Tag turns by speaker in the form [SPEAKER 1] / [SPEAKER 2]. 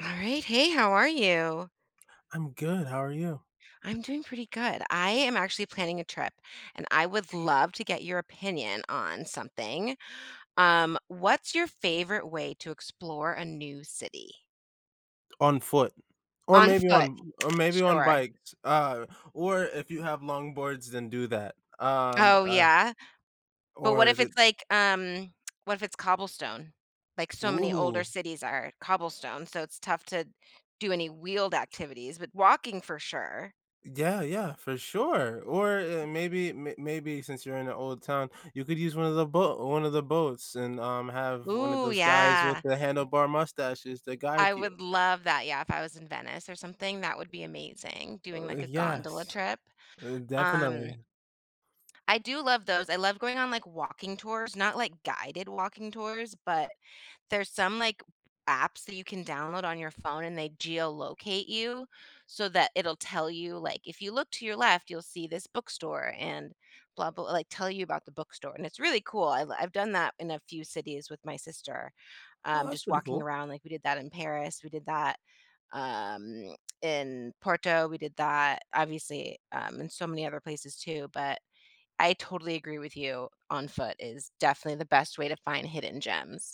[SPEAKER 1] All right. Hey, how are you?
[SPEAKER 2] I'm good. How are you?
[SPEAKER 1] I'm doing pretty good. I am actually planning a trip, and I would love to get your opinion on something. Um, what's your favorite way to explore a new city?
[SPEAKER 2] On foot, or
[SPEAKER 1] On
[SPEAKER 2] maybe
[SPEAKER 1] foot,
[SPEAKER 2] on or maybe on
[SPEAKER 1] sure.
[SPEAKER 2] bikes, uh, or if you have long boards, then do that, um,
[SPEAKER 1] Oh,
[SPEAKER 2] uh
[SPEAKER 1] yeah. But, what
[SPEAKER 2] Or
[SPEAKER 1] if
[SPEAKER 2] the
[SPEAKER 1] it's, like, um, what if it's Cobblestone, like, so many older
[SPEAKER 2] Ooh.
[SPEAKER 1] cities are Cobblestone, so it's tough to do any wheeled activities, but, walking for sure.
[SPEAKER 2] Yeah, yeah, for sure. Or, eh, maybe may maybe since you're in an old town, you could use one of the bo one of the boats and, um, have one of
[SPEAKER 1] Ooh,
[SPEAKER 2] those guys with
[SPEAKER 1] yeah.
[SPEAKER 2] the handlebar mustaches to guide
[SPEAKER 1] I
[SPEAKER 2] you.
[SPEAKER 1] would love that, yeah, if I was in Venice or something, that would be amazing, doing,
[SPEAKER 2] Oh,
[SPEAKER 1] like, a gondola
[SPEAKER 2] yes,
[SPEAKER 1] trip.
[SPEAKER 2] uh,
[SPEAKER 1] Um
[SPEAKER 2] definitely.
[SPEAKER 1] I do love those. I love going on, like, walking tours, not, like, guided walking tours, but there's some, like, apps that you can download on your phone and they geolocate you, so that it'll tell you, like, if you look to your left, you'll see this bookstore and blah, blah, like, tell you about the bookstore, and it's really cool. I l I've done that in a few cities with my sister,
[SPEAKER 2] Oh,
[SPEAKER 1] um,
[SPEAKER 2] that's
[SPEAKER 1] just
[SPEAKER 2] pretty
[SPEAKER 1] walking
[SPEAKER 2] cool.
[SPEAKER 1] around, like, we did that in Paris, we did that, um, in Porto, we did that, obviously, um, in so many other places too, but I totally agree with you on foot is definitely the best way to find hidden gems.